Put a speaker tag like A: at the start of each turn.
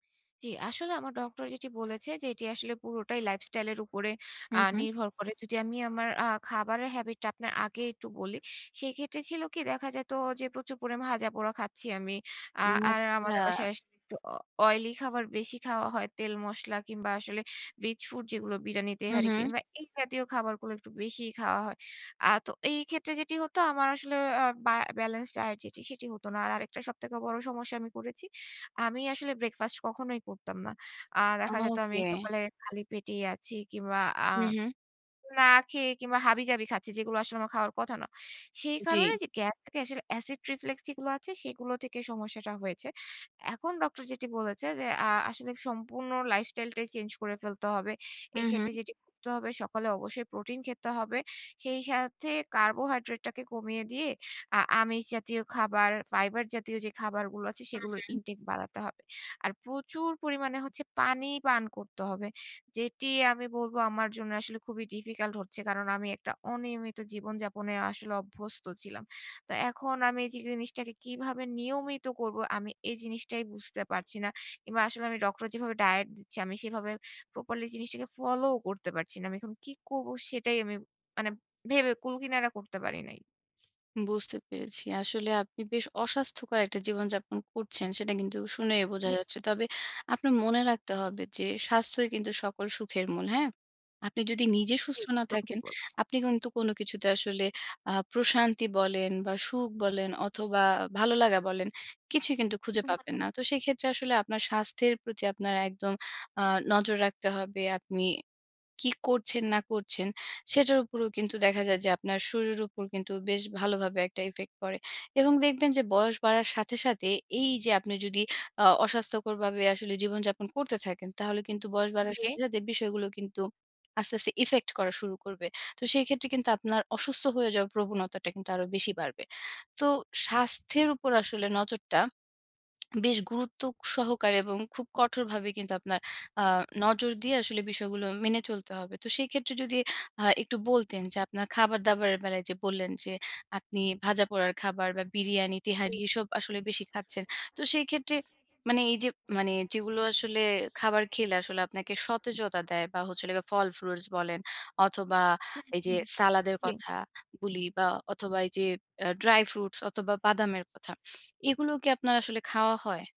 A: জি, আসলে আমার ডক্টর যেটি বলেছে যে, এটি আসলে পুরোটাই lifestyle এর উপরে আ
B: হুম, হুম।
A: নির্ভর করে। যদি আমি আমার আ খাবারের habit টা আপনার আগে একটু বলি, সেক্ষেত্রে ছিল কি দেখা যেত যে, প্রচুর করে ভাজা পোড়া খাচ্ছি আমি। আ
B: ও
A: আর আমাদের
B: আচ্ছা।
A: বাসায় একটু অ oily খাবার বেশি খাওয়া হয়। তেল মসলা কিংবা আসলে rich food যেগুলো বিরিয়ানি,
B: হু,
A: তেহারি
B: হুম।
A: কিংবা এই জাতীয় খাবারগুলো একটু বেশিই খাওয়া হয়। আ তো এই ক্ষেত্রে যেটি হতো আমার আসলে আ বা balanced diet যেটি সেটি হত না। আর আরেকটা সবথেকে বড় সমস্যা আমি করেছি। আমি আসলে ব্রেকফাস্ট কখনোই করতাম না। আ দেখা যেত আমি
B: ওকে।
A: সকালে খালি পেটেই আছি কিংবা আ
B: হু, হুম।
A: না খেয়ে কিংবা হাবি-জাবি খাচ্ছি। যেগুলো আসলে আমার খাওয়ার কথা না। সেই
B: জি।
A: কারণে যে, গ্যাস থেকে acid reflux যেগুলো আছে সেগুলো থেকে সমস্যাটা হয়েছে। এখন ডক্টর যেটি বলেছে যে, আ আসলে সম্পূর্ণ lifestyle টাই চেঞ্জ করে ফেলতে হবে।
B: উহু।
A: এক্ষেত্রে যেটি করতে হবে সকালে অবশ্যই প্রোটিন খেতে হবে। সেই সাথে carbohydrate টাকে কমিয়ে দিয়ে আ আমিষ জাতীয় খাবার, ফাইবার জাতীয় যে, খাবারগুলো আছে
B: হু,
A: সেগুলোর
B: হুম।
A: intake বাড়াতে হবে। আর প্রচুর পরিমাণে হচ্ছে পানি পান করতে হবে, যেটি আমি বলবো আমার জন্য আসলে খুবই difficult হচ্ছে কারণ আমি একটা অনিয়মিত জীবনযাপনে আসলে অভ্যস্ত ছিলাম। তো এখন আমি যে, জিনিসটাকে কিভাবে নিয়মিত করব আমি এই জিনিসটাই বুঝতে পারছি না। কিংবা আসলে আমি ডক্টর যেভাবে ডায়েট দিচ্ছে আমি সেভাবে প্রপারলি জিনিসটাকে ফলোও করতে পারছি না। আমি এখন কি করব সেটাই আমি মানে ভেবে কুলকিনারা করতে পারি নাই।
B: বুঝতে পেরেছি। আসলে আপনি বেশ অস্বাস্থ্যকর একটা জীবনযাপন করছেন। সেটা কিন্তু শুনেই বোঝা
A: জি।
B: যাচ্ছে। তবে আপনার মনে রাখতে হবে যে, স্বাস্থ্যই কিন্তু সকল সুখের মূল। হ্যাঁ? আপনি যদি নিজে
A: জি,
B: সুস্থ না
A: একদম ঠিক
B: থাকেন,
A: বলছেন।
B: আপনি কিন্তু কোন কিছুতে আসলে আ প্রশান্তি বলেন বা সুখ বলেন অথবা ভালোলাগা বলেন। কিছুই কিন্তু খুঁজে
A: হু,
B: পাবেন না।
A: হুম।
B: তো সেক্ষেত্রে আসলে আপনার স্বাস্থ্যের প্রতি আপনার একদম আ নজর রাখতে হবে, আপনি কি করছেন না করছেন সেটার উপরেও কিন্তু দেখা যায় যে, আপনার শরীরের উপর কিন্তু বেশ ভালোভাবে একটা effect পড়ে এবং দেখবেন যে, বয়স বাড়ার সাথে, সাথে এই যে, আপনি যদি আ অস্বাস্থ্যকর ভাবে আসলে জীবনযাপন করতে থাকেন, তাহলে কিন্তু বয়স বাড়ার
A: জি।
B: সাথে, সাথে বিষয়গুলো কিন্তু আস্তে, আস্তে effect করা শুরু করবে। তো সেই ক্ষেত্রে কিন্তু আপনার অসুস্থ হয়ে যাওয়ার প্রবণতাটা কিন্তু আরো বেশি বাড়বে। তো স্বাস্থ্যের উপর আসলে নজরটা বেশ গুরুত্ব সহকারে এবং খুব কঠোরভাবে কিন্তু আপনার আ নজর দিয়ে আসলে বিষয়গুলো মেনে চলতে হবে। তো সেক্ষেত্রে যদি আ একটু বলতেন যে, আপনার খাবার-দাবারের বেলায় যে, বললেন, যে, আপনি ভাজা পোড়ার খাবার বা বিরিয়ানি,
A: জি।
B: তেহারি এসব আসলে বেশি খাচ্ছেন। তো সেই ক্ষেত্রে মানে এই যে, মানে যেগুলো আসলে খাবার খেলে আসলে আপনাকে সতেজতা দেয় বা হচ্ছিলো গিয়ে ফল ফ্রুটস বলেন অথবা
A: হু,
B: এই যে,
A: হুম।
B: সালাদের
A: জি।
B: কথা গুলি বা অথবা এই যে, অ্যা ড্রাই ফ্রুটস অথবা বাদামের কথা। এগুলো কি আপনার আসলে খাওয়া হয়?